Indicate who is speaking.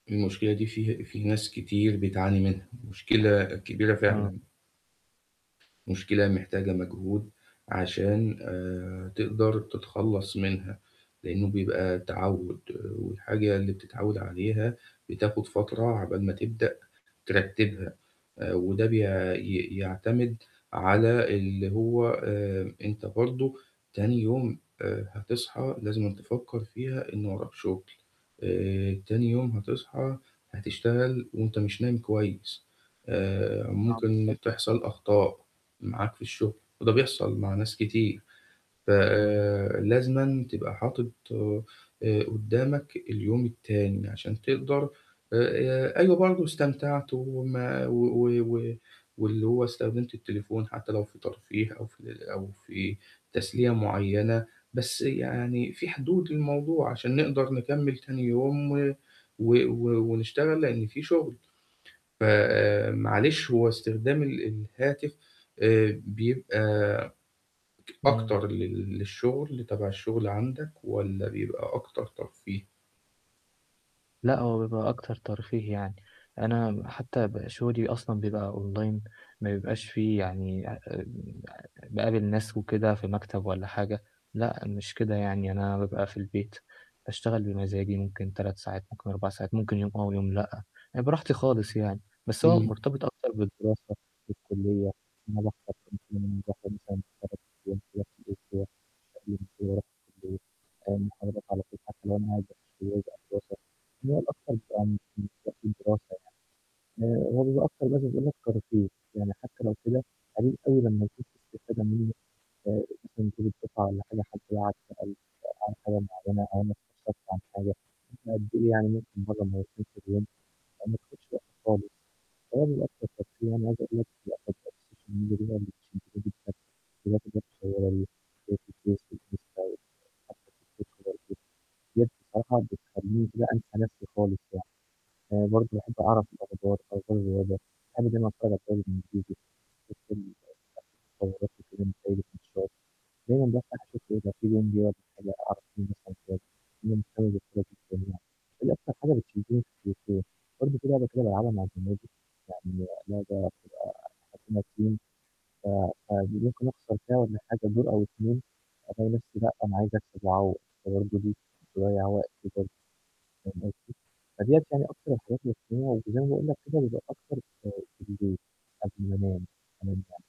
Speaker 1: المشكلة دي في في ناس كتير بتعاني منها. مشكلة كبيرة
Speaker 2: آه.
Speaker 1: فعلًا. مشكلة محتاجة مجهود عشان، آآ تقدر تتخلص منها، لأنه بيبقى تعود، والحاجة اللي بتتعود عليها بتاخد فترة عقبال ما تبدأ ترتبها، آآ وده بي ي يعتمد على اللي هو، آآ أنت برضو تاني يوم، آآ هتصحى لازمًا تفكر فيها إن وراك شغل. آآ تاني يوم هتصحى هتشتغل وأنت مش نايم كويس. آآ
Speaker 2: آه،
Speaker 1: ممكن
Speaker 2: بالضبط.
Speaker 1: تحصل أخطاء معاك في الشغل، وده بيحصل مع ناس كتير. ف
Speaker 2: امم.
Speaker 1: لازمًا تبقى حاطط، آآ قدامك اليوم التاني عشان تقدر آآ أيوة برضو استمتعت وما و و واللي هو استخدمت التليفون حتى لو في ترفيه أو في ال أو في تسلية معينة، بس يعني فيه حدود للموضوع عشان نقدر نكمل تاني يوم و و و ونشتغل لأن في شغل. فمعلش هو استخدام ال الهاتف، آآ بيبقى أكتر
Speaker 2: امم.
Speaker 1: لل للشغل تبع الشغل عندك والّا بيبقى أكتر ترفيه؟
Speaker 2: لأ، هو بيبقى أكتر ترفيه يعني. أنا حتى بـقى شغلي أصلًا بيبقى online، ما بيبقاش فيه يعني [unintelligible] آمم باقابل ناس وكده في مكتب والّا حاجة. لأ، مش كده يعني، أنا بابقى في البيت، باشتغل بمزاجي، ممكن 3 ساعات، ممكن 4 ساعات، ممكن يوم آه ويوم لأ، يعني براحتي خالص يعني. بس هو
Speaker 1: امم.
Speaker 2: مرتبط أكتر بالدراسة في الكلية. أنا باحضر [unintelligible] باحضر مثلًا 3 أيام كده في الأسبوع [unintelligible] آآ محاضرات على طول، حتى لو أنا قاعد [unintelligible] دراسة. هي الأكتر بيبقى مش مش وقت الدراسة يعني. آآ هو بيبقى أكتر بس زي ما قلت ترفيه. يعني حتى لو كده، قليل أوي لما يكون في استفادة منه، آآ مثلًا تقول [unintelligible] والّا حاجة حتي لو قعد سأل عمل حاجة معينة أو أنا استشرته عن حاجة بقد إيه يعني، ممكن مرة مرتين في اليوم، آآ، ما بتاخدش وقت خالص. هو بيبقى الأكتر ترفيه، يعني عايز أقول لك في الأخر التليفون [unintelligible] في الFace والInsta وحتى الTikTok برضه. ديّة بصراحة بتخليني كده أنسى نفسي خالص يعني. آآ برضو باحب أعرف الأخبار، أخبار الرياضة حاجة زي ما [unintelligible] دايمًا بافتح أشوف إذا فيه جون جه والّا حاجة أعرف مين [unintelligible] دي أكتر حاجة بتشدني في التليفون. برضو فيه لعبة كده بالعبها مع زمايلي، يعني لعبة بتبقى إحنا كنا team، ف فدي ممكن أخسر فيها والّا حاجة دور أو 2، ألاقي نفسي لأ، أنا عايز أكسب وأعوض فبرضه دي تضيّع وقتي برضو. فاهم قصدي؟ فديّة يعني أكتر الحاجات اللي [unintelligible] وزي ما باقول لك كده بيبقى أكتر آآ بالليل قبل ما أنام [unintelligible]